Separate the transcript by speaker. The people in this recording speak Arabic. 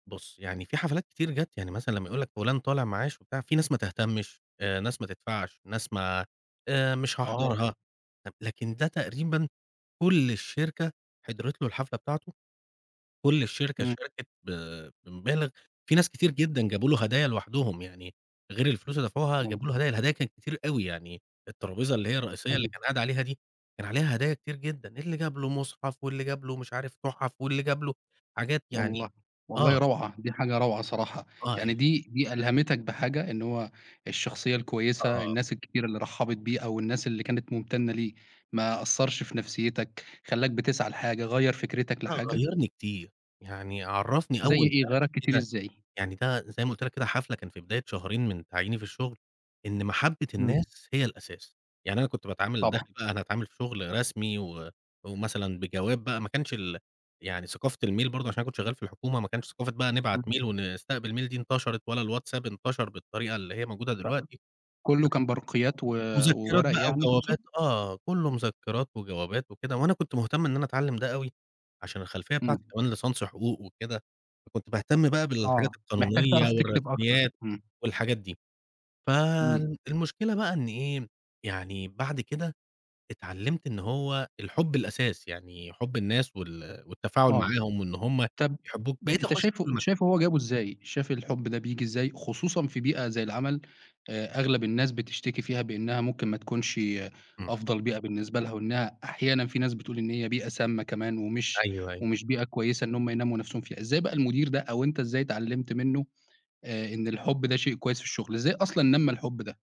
Speaker 1: بُص، يعني في حفلات كتير جات يعني، مثلًا لمّا يقول لَك فُلان طالع معاش وبتاع، في ناس ما تهتمش، آآ ناس ما تدفعش، ناس ما آآ مش
Speaker 2: آه.
Speaker 1: هاحضرها، لكن ده تقريبًا كُل الشركة حضرِت له الحفلة بتاعته، كُل الشركة
Speaker 2: إمم.
Speaker 1: شاركِت ب بمبالغ، في ناس كتير جدًا جابوا له هدايا لوحدهم، يعني غير الفلوس اللي دفعوها
Speaker 2: إمم.
Speaker 1: جابوا له هدايا، الهدايا كانت كتير أوي، يعني الترابيزة اللي هي الرئيسية اللي
Speaker 2: جميل.
Speaker 1: كان قاعد عليها دي، كان عليها هدايا كتير جدًا، اللي جاب له مُصحف، واللي جاب له مش عارف تُحَف، واللي جاب له حاجات يعني
Speaker 2: والله،
Speaker 1: آه.
Speaker 2: والله روعة، دي حاجة روعة صراحة،
Speaker 1: آه، ي
Speaker 2: يعني دي دي ألهمِتَك بحاجة، إن هو الشخصية الكويسة،
Speaker 1: آه.
Speaker 2: الناس الكتيرة اللي رحَّبِت بيه، أو الناس اللي كانت ممتنة له، ما أثرش في نفسيتَك، خلّاك بتسعى لحاجة، غيَّر فكرتَك
Speaker 1: آه،
Speaker 2: لحاجة؟
Speaker 1: غيّرني كتير. يعني عرّفني
Speaker 2: زي
Speaker 1: أول
Speaker 2: إيه،
Speaker 1: دَرس
Speaker 2: غيَّرَك كتير
Speaker 1: كده،
Speaker 2: إزاي؟
Speaker 1: يعني ده زي ما قُلت لَك كده، حَفلة كان في بداية شهرين من تعييني في الشغل، إن محبّة
Speaker 2: إمم.
Speaker 1: الناس هي الأساس. يعني أنا كنت باتعامل،
Speaker 2: طبعًا.
Speaker 1: داخل بقى أنا أتعامل في شغل رسمي، و ومثلا بجواب بقى، ما كانش ال يعني ثقافة الmail برضه، علشان أنا كنت شغّال في الحكومة، ما كانش ثقافة بقى نبعت
Speaker 2: إمم.
Speaker 1: mail ونستقبل mail دي انتشرِت، ولا الواتساب انتشر بالطريقة اللي هي موجودة
Speaker 2: [unintelligible]
Speaker 1: دلوقتي،
Speaker 2: كُله
Speaker 1: فكان
Speaker 2: كان برقيات و
Speaker 1: مذكرات
Speaker 2: وورق
Speaker 1: بقى
Speaker 2: يعني تقصد؟
Speaker 1: وجوابات آه، كُلّه مذكرات وجوابات وكده، وأنا كنت مهتم إن أنا أتعلم ده أوي، علشان الخلفية بتاعتي
Speaker 2: إمم.
Speaker 1: كمان ليسانس حقوق وكده، فكنت باهتم بقى بالحاجات
Speaker 2: آه، محتاج
Speaker 1: القانونية
Speaker 2: تعرف تكتب أكتر
Speaker 1: والرسميات
Speaker 2: إمم.
Speaker 1: والحاجات دي.
Speaker 2: إمم.
Speaker 1: فالمشكلة بقى إن إيه، يعني بعد كده اتعلمت إن هو الحُب الأساس يعني، حُب الناس وال والتفاعل
Speaker 2: آه،
Speaker 1: معاهم، وإن هُم
Speaker 2: طب
Speaker 1: يحبوك، بقيت
Speaker 2: أنت
Speaker 1: اخش
Speaker 2: شايفه
Speaker 1: كل م
Speaker 2: أنت شايفه هو جابه إزاي؟ شايف الحب ده بييجي إزاي؟ خصوصًا في بيئة زي العمل، آآ أغلب الناس بتشتكي فيها بأنها ممكن ما تكونش
Speaker 1: إمم.
Speaker 2: أفضل بيئة بالنسبة لها، وإنها أحيانًا في ناس بتقول إن هي بيئة سامَّة كمان، ومش
Speaker 1: أيوه، أيوه.
Speaker 2: ومش بيئة كويسة إن هُم ينمّوا نفسهم فيها. إزاي بقى المدير ده، أو أنت إزاي اتعلمت منّه، آآ إن الحُب ده شيء كويس في الشغل؟ إزاي أصلًا نمَّى الحب ده؟